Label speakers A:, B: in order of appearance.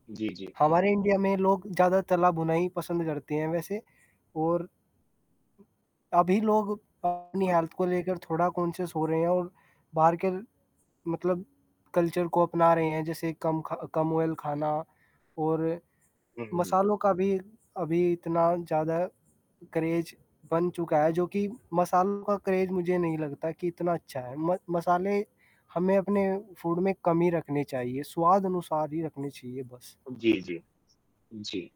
A: जी, जी।
B: हमारे इंडिया में लोग ज़्यादा तला भुना ही पसंद करते हैं वैसे और अभी लोग अपनी
A: हाँ।
B: हेल्थ को लेकर थोड़ा कॉन्शियस हो रहे हैं और बाहर के मतलब कल्चर को अपना रहे हैं, जैसे कम ख कम ऑयल खाना और
A: हुँ, हुँ, हुँ।
B: मसालों का भी अभी इतना ज़्यादा क्रेज़ बन चुका है, जो कि मसालों का क्रेज़ मुझे नहीं लगता कि इतना अच्छा है, म मसाले हमें अपने फूड में कम ही रखने चाहिए, स्वादानुसार ही रखने चाहिए बस।
A: जी, जी। जी।